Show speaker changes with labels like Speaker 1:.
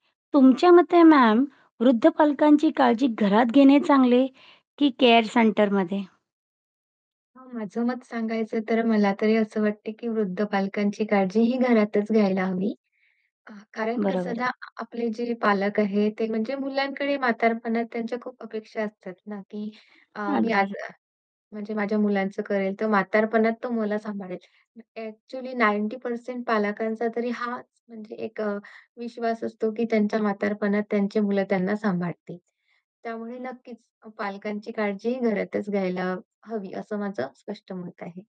Speaker 1: तुमच्या मते मॅम, वृद्ध पालकांची काळजी घरात घेणे चांगले की केअर सेंटरमध्ये?
Speaker 2: हां, माझं मत सांगायचं तर मला तरी असं वाटतं, की वृद्ध पालकांची काळजी ही घरातच घ्यायला हवी. आ कारण कसं
Speaker 1: बरोबर
Speaker 2: ना
Speaker 1: आहे.
Speaker 2: आ आपले जे पालक आहेत, ते म्हणजे मुलांकडे म्हातारपणात त्यांच्या खूप अपेक्षा असतात ना, की अ, मी
Speaker 1: अगदी.
Speaker 2: आज म्हणजे माझ्या मुलांचं करेल, तर म्हातारपणात तो मला सांभाळेल. ॲक्चुअली 90% पालकांचा तरी हाच म्हणजे एक अ, विश्वास असतो, की त्यांच्या म्हातारपणात त्यांची मुलं त्यांना सांभाळतील. त्यामुळे नक्कीच पालकांची काळजी घरातच घ्यायला हवी असं माझं स्पष्ट मत आहे.